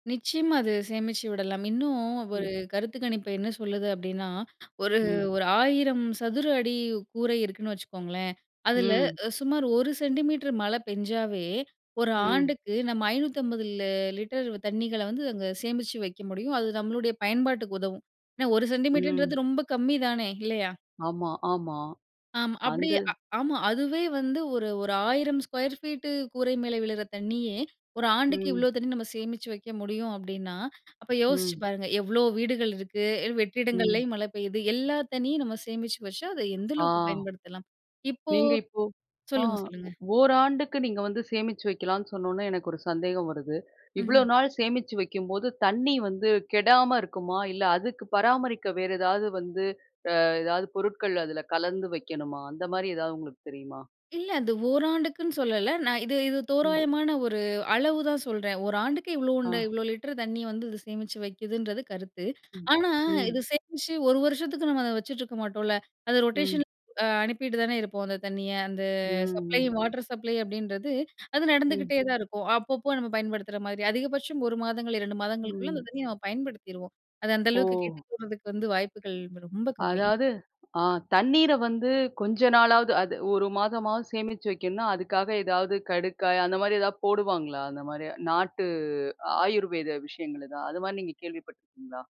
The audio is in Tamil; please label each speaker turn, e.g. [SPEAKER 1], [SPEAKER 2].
[SPEAKER 1] நிச்சயமா, அது சேமிச்சு விடலாம் இன்னும் ஒரு
[SPEAKER 2] ம்.
[SPEAKER 1] கருத்து கணிப்பு என்ன சொல்லுது? அப்டீன்னா ஒரு,
[SPEAKER 2] ம்.
[SPEAKER 1] ஒரு 1,000 சதுர அடி கூரை இருக்குன்னு வச்சுக்கோங்களேன். அதில
[SPEAKER 2] ம்.
[SPEAKER 1] சுமார் 1 சென்டிமீட்டர் மழை பெஞ்சாலே ஒரு
[SPEAKER 2] ம்.
[SPEAKER 1] ஆண்டுக்கு நம்ம 550 லிட்டர் தண்ணீகல வந்து அங்க சேமித்து வைக்க முடியும். அது நம்மளுடைய பயன்பாட்டுக்கு உதவும் ஏ 1 சென்டிமீட்டர்ன்றது
[SPEAKER 2] ம்.
[SPEAKER 1] ரொம்ப கம்மிதானே இல்லயா?
[SPEAKER 2] ஆமா, ஆமா.
[SPEAKER 1] ஆ அப்படி
[SPEAKER 2] அந்த,
[SPEAKER 1] ஆமா. அதுவே வந்து ஒரு, ஒரு 1000 ஸ்கொயர் ஃபீட் கூரை மேல விழுகிற தண்ணீயே ஒரு ஆண்டுக்கு
[SPEAKER 2] ம்.
[SPEAKER 1] இவ்வளோ தண்ணீ நம்ம சேமிச்சு வைக்க முடியும். அப்பிடின்னா அப்போ யோசித்து
[SPEAKER 2] ம்.
[SPEAKER 1] பாருங்க, எவ்வளோ வீடுகள் இருக்கு
[SPEAKER 2] ம்.
[SPEAKER 1] வெற்றிடங்களில் மழை பெய்யுது எல்லா தண்ணீயும் நம்ம சேமிச்சு வச்சா அதை எந்த
[SPEAKER 2] ஆ.
[SPEAKER 1] அளவுக்கு பயன்படுத்தலாம். இப்போ
[SPEAKER 2] நீங்க இப்போ,
[SPEAKER 1] சொல்லுங்க, சொல்லுங்க.
[SPEAKER 2] 1 நீங்க வந்து சேமிச்சு வைக்கலான்னு, சொன்னோன எனக்கு ஒரு சந்தேகம் வருது இவ்ளோ
[SPEAKER 1] ம்.
[SPEAKER 2] நாள் சேமித்து வைக்கும்போது தண்ணீ வந்து கெடாம இருக்குமா இல்ல, அதுக்கு பராமரிக்க வேற ஏதாவது வந்து ஏதாவது பொருட்கள் அதுல கலந்து வைக்கணுமா? அந்த மாதிரி ஏதாவது உங்களுக்கு தெரியுமா?
[SPEAKER 1] இல்ல, அது ஓராண்டுக்குன்னு சொல்லல நான். இது, இது
[SPEAKER 2] ம்.
[SPEAKER 1] தோராயமான ஒரு அளவுதான் சொல்லுறேன். ஒரு ஆண்டுக்கு இவ்ளோ
[SPEAKER 2] ஆ
[SPEAKER 1] இவ்ளோ லிட்டர் தண்ணீ வந்து இது சேமிச்சு வைக்குதுன்றது கருத்து.
[SPEAKER 2] ம்,
[SPEAKER 1] ஆனா,
[SPEAKER 2] ம்.
[SPEAKER 1] இது சேமித்து ஒரு வருஷத்துக்கு நம்ம அதை வச்சுட்டு இருக்க மாட்டோம்ல, அது
[SPEAKER 2] ம்.
[SPEAKER 1] ரொட்டேஷன் அனுப்பிவிட்டு தானே இருப்போம். அந்த தண்ணீய அந்த சப்ளை
[SPEAKER 2] ம்.
[SPEAKER 1] வாட்டர் சப்ளை அப்படின்றது அது
[SPEAKER 2] ம்.
[SPEAKER 1] நடந்துகிட்டே தான் இருக்கும். அப்பப்போ நம்ம பயன்படுத்துகிற மாதிரி அதிகபட்சம் ஒரு மாதங்கள், ரெண்டு மாதங்களுக்குள்ள அந்த
[SPEAKER 2] ம்.
[SPEAKER 1] தண்ணீய நம்ப பயன்படுத்திடுவோம். அது அந்த
[SPEAKER 2] ஓ!
[SPEAKER 1] அளவுக்கு கெட்டு போறதுக்கு வந்து வாய்ப்புகள் ரொம்ப கம்மி.
[SPEAKER 2] அதாவது தண்ணீர வந்து கொஞ்ச நாளாவது ஒரு மாதமாவது சேமிச்சு வைக்கணும்னா, அதுக்காக ஏதாவது கடுக்காய் அந்த மாதிரி ஏதாவது போடுவாங்களா? அந்த மாரி நாட்டு, ஆயுர்வேத விஷயங்கள் தான் அது மாதிரி நீங்க கேள்வி பட்டுருக்கீங்களா?